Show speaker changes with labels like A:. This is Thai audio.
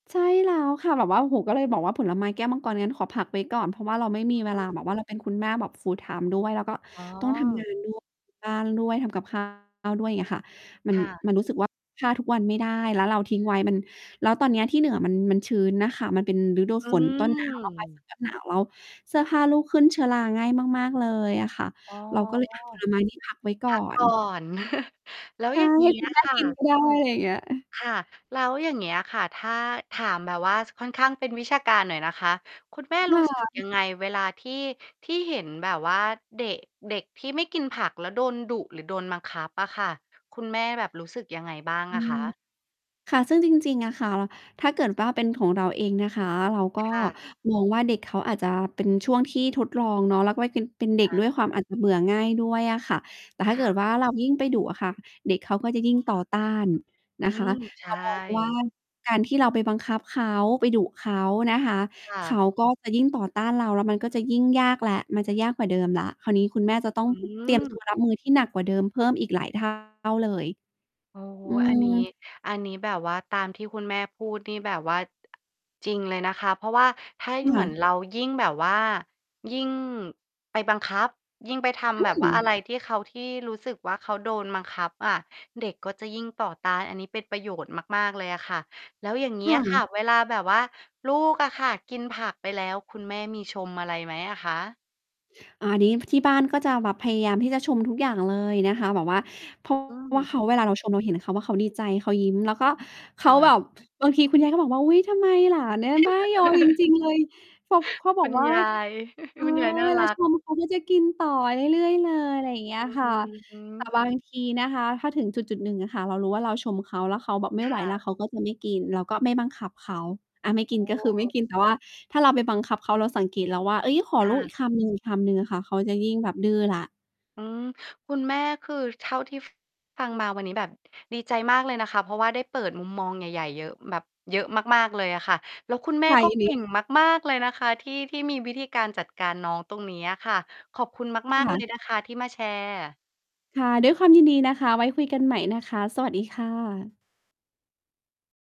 A: ใช่แล้วค่ะ แบบว่า โอ้โฮ ก็เลยบอกว่า ผลไม้ แก้วมังกร งั้นขอพักไว้ก่อน เพราะว่าเราไม่
B: อ
A: มีเว
B: ื
A: ลา
B: ม
A: แบบว่า เราเป็นคุณแม่แบบ full-time ด้วย แล้วก็
B: อ๋อ
A: ต้อง ทำงานด้วย บ้านด้วย ทำกับ ข้าว ด้วย เงี้ยค่ะ มัน
B: ค่ะ
A: มันรู้สึกว่า ถ้าทุกวันไม่ได้แล้วเราทิ้งไว้ มัน แล้วตอนเนี้ยที่เหนือมัน มันชื้นน่ะค่ะ มันเป็นฤดู
B: อื
A: ฝนต้น หนาว แล้วปลายฝ
B: ม
A: นต้นหนาว แล้วเสื้อผ้าลูกขึ้นเชื้อราง่ายมาก ๆ เลยอะค่ะ
B: อ๋อ
A: เราก็เลย อะ ผลไม้นี่พัก ไว้ก
B: พ
A: ่อ
B: ักก
A: น
B: ่อน แล้ว
A: ใช
B: อ
A: ่
B: ย่าง
A: ใ
B: ง
A: ห
B: ี
A: ้
B: ้
A: คุ
B: อ
A: ณ
B: ะ
A: แม่
B: ค่
A: กิน
B: ะ
A: ก็ได้ ไรเงี้ย
B: ค่ะ แล้วอย่างเงี้ยค่ะ ถ้า ถามแบบว่าค่อนข้างเป็นวิชาการหน่อยนะคะ คุณแม่
A: ค
B: รู
A: ่
B: ้ สึก ย
A: ะ
B: ังไง? เวลาที่ ที่เห็นแบบว่าเดะ เด็กที่ไม่กินผัก แล้วโดนดุหรือโดนบังคับอะค่ะ คุณแม่แบบรู้สึกยังไงบ้าง
A: อื
B: อะค
A: ม
B: ะ?
A: ค่ะ ซึ่งจริง ๆ อะค่ะ ล่ะ ถ้าเกิดว่า เป็นของเราเองนะคะ เราก็
B: ค่ะ
A: มองว่า เด็กเขาอาจจะเป็นช่วงที่ทดลองเนาะ แล้วก็ ว เป็น เป็นเด็
B: อ
A: ก
B: า
A: ด้วยความอาจจะเบื่อง่ายด้วยอะค่ะ แต่ถ้
B: ค
A: าเ
B: ่
A: กิด
B: ะ
A: ว่า เรายิ่งไปดุอะค่ะ เด็กเขาก็จะยิ่งต่อต้าน
B: อื
A: นะคะ
B: ม ใช
A: เร
B: ่
A: ามองว่า การที่เราไปบังคับเขา ไปดุเขานะคะ
B: ค่
A: เข
B: ะ
A: าก็จะยิ่งต่อต้านเรา แล้วมันก็จะยิ่งยากแล้ว มันจะยากกว่าเดิมแล้ว คราวนี้คุณแม่จะต้อง
B: อื
A: เตรียมตัว รับ
B: ม
A: มือที่หนักกว่าเดิม เพิ่มอีกหลาย เท่า เลย
B: โอ้โฮ
A: อื
B: อันนี้
A: ม
B: อันนี้แบบว่า ตามที่คุณแม่พูดนี่แบบว่า จริงเลยนะคะ เพราะว่าถ้า ย
A: ค
B: เหม
A: ่
B: ือน
A: ะ
B: เรายิ่งแบบว่า ยิ่งไปบังคับ ยิ่งไปท
A: อ
B: ำ
A: ื
B: แบบว่า อะ
A: ม
B: ไรที่เขา ที่รู้สึกว่า เขาโดนบังคับอะ เด็กก็จะยิ่งต่อต้าน อันนี้เป็นประโยชน์มาก ๆ เลยอะค่ะ แล้วอย่างงี
A: ค
B: ้
A: ่
B: อะค่ะ
A: ะ
B: เวลาแบบว่าลูกอะค่ะกินผักไปแล้ว คุณแม่มีชมอะไรไหมอะคะ?
A: อา นี้ ที่บ้านก็จะแบบพยายามที่จะชมทุกอย่างเลยนะคะ แบบว่า เพราะ
B: อื
A: ว่
B: ม
A: าเขา เวลาเราชมเราเห็นเขา ว ว่า เขาดีใจ เขายิ้ม แล้วก็
B: ค
A: เขา
B: ่
A: แบ
B: ะ
A: บ บางทีคุณยายก็บอกว่า "อุ๊ย ทำไมหลานเนี่ยบ้ายอจริง ๆ เลย" เขา เขาบ
B: คุ
A: อก
B: ณ
A: ว่า
B: ยาย
A: "เออ
B: น่า
A: เวล
B: ร
A: า
B: ั
A: ช
B: ก
A: ม เขาก็จะกินต่อเรื่อย ๆ เลย" อะไรอย่างเงี้
B: อื
A: ย
B: อ
A: ค่ะ
B: ฮึ
A: แต่บาง ทีนะคะ ถ้าถึงจุด ๆ หนึ่งอะค่ะ เรารู้ว่า เราชมเขาแล้วเขาแบบไม่
B: ค
A: ไหว
B: ่
A: แล้ว
B: ะ
A: เขาก็จะไม่กิน เราก็ไม่บังคับเขา อะ ไม่ก
B: โอ
A: ิน
B: ้
A: ก็คือ
B: โ
A: ไม่
B: ฮ
A: กิน แต่ว่าถ้าเราไปบังคับเขา เราสังเกตแล้วว่า เฮ้ย ขอ
B: ค
A: ล
B: ่
A: ูกอี
B: ะ
A: กคำหนึ่ง ๆ อะค่ะ เขาจะยิ่งแบบดื้อแล้ว
B: อืม คุณแม่คือ เท่าที่ ฟ ฟังมาวันนี้แบบดีใจมากเลยนะคะ เพราะว่าได้เปิดมุมมองใหญ่ ๆ เยอะแบบ เยอะมาก ๆ เลยอะค่ะ แล้วคุณแม่
A: ค่ะ
B: ก็
A: ยิน
B: เก
A: ดี
B: ่งมาก ๆ เลยนะคะที่ ที่มีวิธีการจัดการน้อง ตรงนี้อะค่ะ ขอบคุณ
A: ค
B: มาก ๆ เ
A: ่
B: ล
A: ะ
B: ยนะคะที่มาแชร์
A: ค่ะ ด้วยความยินดีนะคะ ไว้คุยกันใหม่นะคะ สวัสดีค่ะ